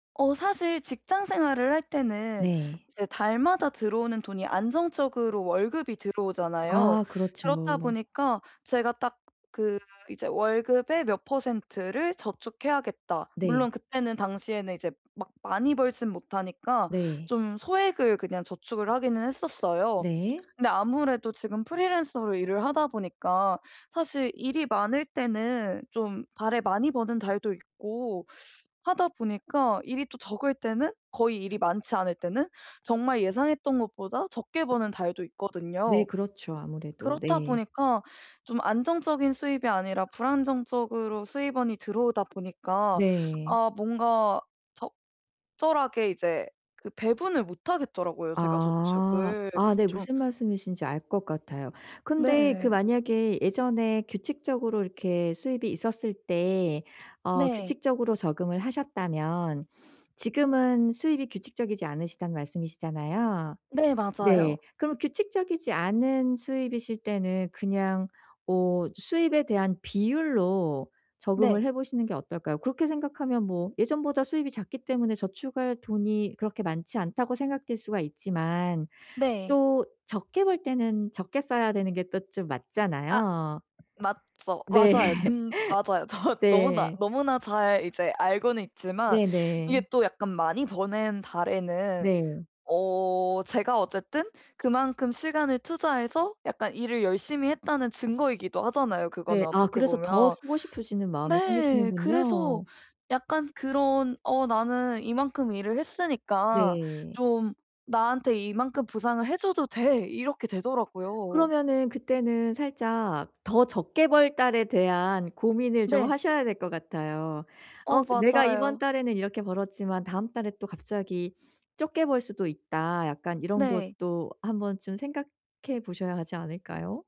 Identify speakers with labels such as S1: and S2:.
S1: 어 사실 직장 생활을 할 때는
S2: 네.
S1: 이제 달마다 들어오는 돈이 안정적으로 월급이 들어오잖아요.
S2: 아 그렇지
S1: 그렇다
S2: 뭐.
S1: 보니까 제가 딱 그 이제 월급의 몇 퍼센트를 저축해야겠다. 물론
S2: 네.
S1: 그때는 당시에는 이제 막 많이 벌지는 못하니까
S2: 네.
S1: 좀 소액을 그냥 저축을 하기는 했었어요.
S2: 네.
S1: 근데 아무래도 지금 프리랜서로 일을 하다 보니까 사실 일이 많을 때는 좀 달에 많이 버는 달도 있고 하다 보니까 일이 또 적을 때는 거의 일이 많지 않을 때는 정말 예상했던 것보다 적게 버는 달도
S2: 네.
S1: 있거든요.
S2: 그렇죠. 아무래도.
S1: 그렇다
S2: 네.
S1: 보니까 좀 안정적인 수입이 아니라 불안정적으로 수입원이 들어오다 보니까
S2: 네.
S1: 아 뭔가 적절하게 이제 그 배분을 못 하겠더라고요. 제가
S2: 아.
S1: 저축을
S2: 아 네.
S1: 좀
S2: 무슨 말씀이신지 알 것 같아요. 근데 그
S1: 네.
S2: 만약에 예전에 규칙적으로 이렇게 수입이 있었을 때 어
S1: 네.
S2: 규칙적으로 적응을 하셨다면 지금은 수입이 규칙적이지 않으시다는 말씀이시잖아요.
S1: 네
S2: 네.
S1: 맞아요.
S2: 그럼 규칙적이지 않은 수입이실 때는 그냥 어 수입에 대한 비율로 적응을
S1: 네.
S2: 해 보시는 게 어떨까요? 그렇게 생각하면 뭐 예전보다 수입이 작기 때문에 저축할 돈이 그렇게 많지 않다고 생각될 수가 있지만
S1: 네.
S2: 또 적게 벌 때는 적게 써야 되는 게 또 좀
S1: 아.
S2: 맞잖아요.
S1: 맞죠.
S2: 네.
S1: 맞아요. 근 맞아요. 정확 너무나,
S2: 네.
S1: 너무나 잘 이제 알고는 있지만
S2: 네네.
S1: 이게 또 약간 많이 버는 달에는
S2: 네.
S1: 어 제가 어쨌든 그만큼 시간을 투자해서 약간 일을 열심히 했다는 증거이기도 하잖아요 그거는
S2: 네. 아
S1: 어떻게
S2: 그래서 더
S1: 보면.
S2: 쓰고 싶어지는 마음이
S1: 네 그래서
S2: 생기시는군요.
S1: 약간 그런 어 '나는 이만큼 일을 했으니까
S2: 네.
S1: 좀 나한테 이만큼 보상을 해 줘도 돼.' 이렇게 되더라고요.
S2: 그러면은 그때는 살짝 더 적게 벌 달에 대한 고민을 좀
S1: 네.
S2: 하셔야 될 것 같아요.
S1: 어
S2: 어 그 '내가 이번
S1: 맞아요.
S2: 달에는 이렇게 벌었지만 다음 달에 또 갑자기 적게 벌 수도 있다.' 약간 이런
S1: 네.
S2: 것도 한 번쯤 생각해 보셔야 하지 않을까요?